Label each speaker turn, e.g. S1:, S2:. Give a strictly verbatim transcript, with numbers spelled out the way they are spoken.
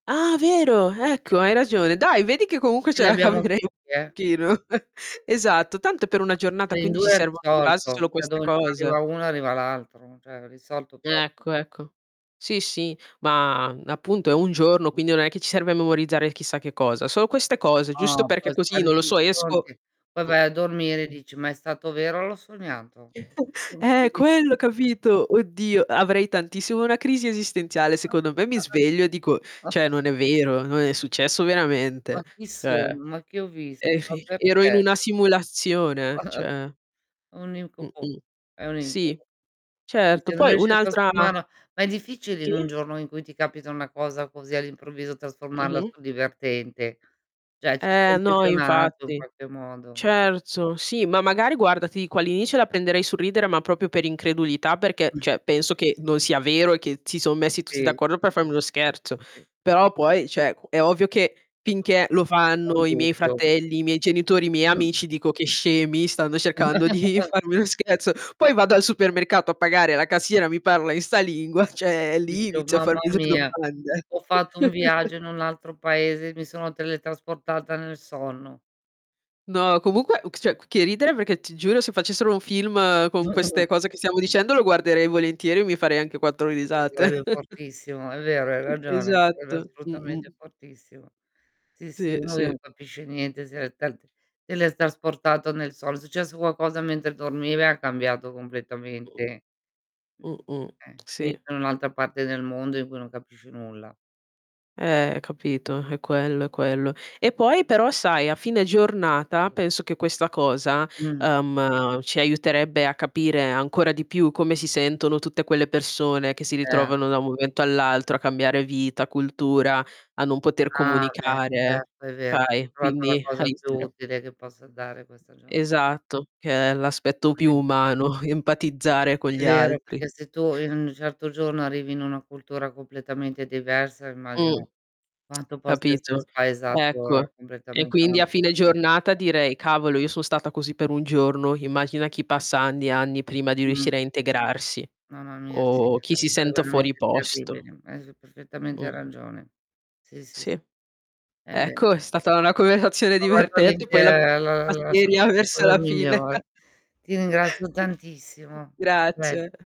S1: Ah vero, ecco
S2: [unintelligible]
S1: hai ragione. Dai vedi che comunque
S2: Ce
S1: ce la
S2: l'abbiamo tutti,
S1: caveremo
S2: eh.
S1: pochino. Esatto tanto è per una
S2: [unintelligible]
S1: giornata
S2: in
S1: quindi ci
S2: due è
S1: servono di base
S2: risolto,
S1: solo
S2: ceh
S1: queste
S2: dove non
S1: cose.
S2: arriva uno arriva l'altro, cioè risolto proprio.
S1: Ecco, ecco. Sì, sì, ma, mhmm, appunto è un giorno, quindi non è che ci serve memorizzare chissà che cosa. Solo queste cose giusto perché così, non lo so, esco
S2: [unintelligible] Poi vai a dormire e
S1: mh.
S2: dici: "Ma è stato vero o l'ho sognato?"
S1: Eh, è quello
S2: [unintelligible]
S1: capito? Oddio, avrei tantissimo una crisi esistenziale, secondo me mi sveglio e dico: "ceh, non è vero, non è successo
S2: Ma
S1: veramente,"
S2: chi
S1: cioè
S2: sono? Ma che ho visto?
S1: è
S2: Ma
S1: fer "ero in
S2: perché?
S1: una simulazione, cioè".
S2: Un incubo.
S1: Mh-mh.
S2: È un
S1: Sì.
S2: incubo. Sì,
S1: Certo.
S2: se non
S1: Poi
S2: riesci a
S1: un'altra
S2: trasformarla ma è difficile in
S1: Sì.
S2: un giorno in cui ti capita una cosa così all'improvviso trasformarla
S1: Mh-mh.
S2: sul divertente. ceh ci sei
S1: Eh no,
S2: imprigionato in
S1: infatti.
S2: qualche modo.
S1: cerzo, sì, ma magari guarda, ti dico, all'inizio la prenderei sul ridere ma propio per incredulità perché, ceh, penso che non sia vero e che si son messi tutti
S2: Sì,
S1: d'accordo
S2: sì,
S1: per farmi uno
S2: sì,
S1: scherzo.
S2: sì.
S1: Però poi ceh, qu è ovvio che
S2: Certo
S1: finché lo
S2: punto ti viene un
S1: fanno i miei
S2: dubbio.
S1: fratelli, i miei genitori, i miei amici dico: "Che scemi, stanno cercando di farmi uno scherzo." Poi vado al supermercato a pagare la cassiera, mi parla in 'sta lingua, ceh lì
S2: Dice: "Oh
S1: inizio a
S2: mamma
S1: farmi delle
S2: mia.
S1: domande.
S2: Ho fatto un viaggio in un altro paese e mi sono teletrasportata nel sonno".
S1: No comunque u ch ceh c che ridere perché, ti giuro, se facessero un film con queste cose che stiamo dicendo lo guarderei volentieri e mi farei anche quattro
S2: Ah sì,
S1: risate.
S2: sarebbe fortissimo, è vero, hai ragione, quello è
S1: Esatto.
S2: assolutamente
S1: Mh-mh.
S2: fortissimo. Sì, sì,
S1: Sì,
S2: uno lì non
S1: sì.
S2: capisce niente, se l'è telt telestrasportato nel sols secesso qualcosa mentre dormiva e ha cambiato
S1: Mh.
S2: completamente mh,
S1: Mh-mh.
S2: eh,
S1: Sì.
S2: finito in un'altra parte del mondo in cui non capisce nulla.
S1: Eh, capito, è quello, è quello. E poi però, sai, a fine giornata penso che questa cosa,
S2: Mh.
S1: uhm, ci aiuterebbe a capire ancora di più come si sentono tutte quelle persone che si
S2: Eh.
S1: ritrovano da un momento all'altro a cambiare vita, cultura, a non poter
S2: Ah, beh,
S1: comunicare,
S2: certo è vero. Ho
S1: fai,
S2: trovato la
S1: quindi
S2: cosa più
S1: [unintelligible]
S2: utile che possa dare questa giorn
S1: Esatto, che è l'aspetto più
S2: [unintelligible]
S1: umano, empatizzare con
S2: È
S1: gli
S2: vero,
S1: altri.
S2: perché se tu in un certo giorno arrivi in una cultura completamente diversa,
S1: Mh.
S2: immagino quanto possa essere
S1: Capito?
S2: spaesato
S1: Ecco. E
S2: completamente
S1: quindi
S2: una
S1: a fine
S2: persona.
S1: giornata direi: "Cavolo, io so' stata così per un giorno, immachina chi passa anni e anni prima di
S2: Mh.
S1: riuscire a integrarsi,
S2: Mamma mia, sì,
S1: o
S2: [unintelligible]
S1: chi si
S2: dev'essere
S1: senta fuori
S2: veramente
S1: posto".
S2: terribile, hai s perfettamente
S1: Mh.
S2: ragione. Sì, sì, s
S1: Sì.
S2: È ve
S1: Ecco, è stata una converazione
S2: Ho fatto
S1: divertente
S2: l'inte
S1: poi l'abbiamo
S2: la la
S1: [unintelligible]
S2: la s
S1: seria
S2: o
S1: verso
S2: la
S1: la fine.
S2: migliore. Ti ringrazio tantissimo, a pres
S1: Grazie.